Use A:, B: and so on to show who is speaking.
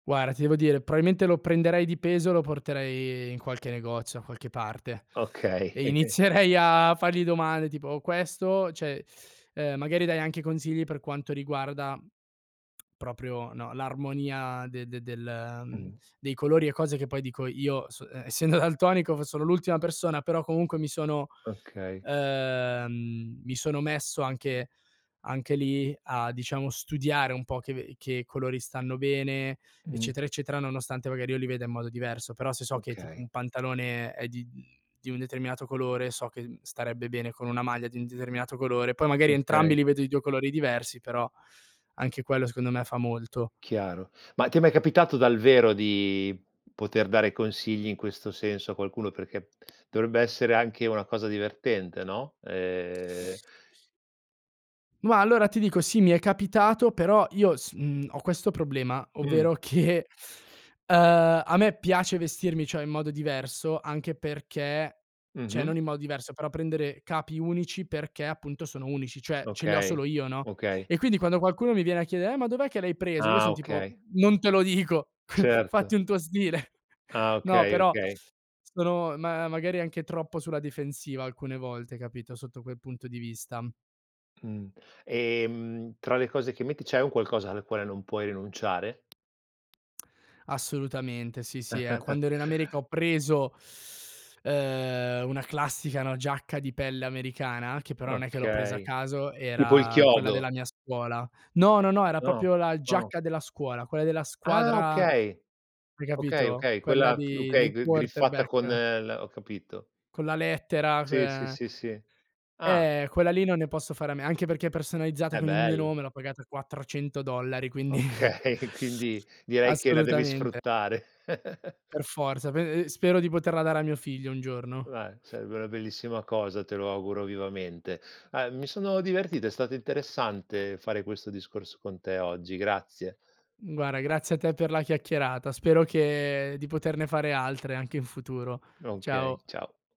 A: Guarda, ti devo dire, probabilmente lo prenderei di peso, lo porterei in qualche negozio, da qualche parte
B: Okay.
A: e inizierei a fargli domande tipo: "Questo?", cioè, ehm, magari darei anche consigli per quanto riguarda proprio, no, l'armonia de de del mhmm,
B: Mh.
A: dei colori e cose che poi dico io, essendo daltonico, sono l'ultima persona, però comunque mi sono
B: Okay.
A: ehm, mi sono messo anche anche lì a, diciamo, studiare un po' che che colori stanno bene,
B: Mh.
A: eccetera eccetera, nonostante magari io li veda in modo diverso. Però se so che tipo
B: Okay.
A: un pantalone è di mhmm, di un determinato colore so che starebbe bene con una maglia di un determinato colore, poi magari entrambi
B: Okay.
A: li vedo di 2 colori diversi, però anche quello secondo me fa molto.
B: Chiaro. Ma ti è mai capitato dal vero di poter dare consigli in questo senso a qualcuno? Perché dovrebbe essere anche una cosa divertente, no? Ehm
A: Ma allora ti dico sì, mi è capitato, però io s uhm, ho questo problema,
B: Mh.
A: ovvero che ehm, a me piace vestirmi, cioè, in modo diverso anche perché, cioè
B: Mh-mh.
A: non in modo diverso, però prendere capi unici perché appunto sono unici, cioè ce li ho
B: Okay
A: solo io, no.
B: okay.
A: E quindi quando qualcuno mi viene a chiedere: "Eh, ma dov'è che l'hai preso?", io
B: Ah,
A: son tipo:
B: okay.
A: "Non te lo dico,
B: Certo.
A: fatti un tuo stile."
B: Ah,
A: No,
B: okay,
A: però
B: okay.
A: sono ma magari anche troppo sulla difensiva alcune volte, capito, sotto quel punto di vista.
B: Mh, ehm, tra le cose che metti c'è un qualcosa al quale non puoi rinunciare?
A: Assolutamente. Sì, sì, eh. Quando ero in America ho preso, ehm, una classica giacca di pelle americana, che però non è che l'ho presa a
B: Okay.
A: caso,
B: Tipo il
A: era quella
B: chiodo.
A: della mia scuola. No, no, no, era
B: No?
A: proprio la
B: no.
A: giacca della scuola, quella della
B: Ah!
A: squadra,
B: Okay,
A: hai
B: okay,
A: capito?
B: okay,
A: Quella
B: quella
A: di
B: okay,
A: dei
B: griffata con
A: quarterback.
B: l ho capito.
A: Con la lettera,
B: Sì, sì,
A: ehm
B: sì, sì. Ah.
A: Eh, quella lì non ne posso fare a me, anche perché è personalizzata
B: È
A: con il mio
B: bell
A: nome, l'ho pagata 400 dollari, quindi
B: Okay, quindi, direi che la devi
A: Assolutamente.
B: sfruttare.
A: Per forza, pe ehm, spero di poterla dare a mio figlio un giorno.
B: Bah, sarebbe una bellissima cosa, te lo auguro vivamente. Uhm, mi sono divertito, è stato interessante fare questo discorso con te oggi, grazie.
A: Guarda, grazie a te per la chiacchierata. Spero che di poterne fare altre anche in futuro.
B: Okay,
A: Ciao.
B: ciao.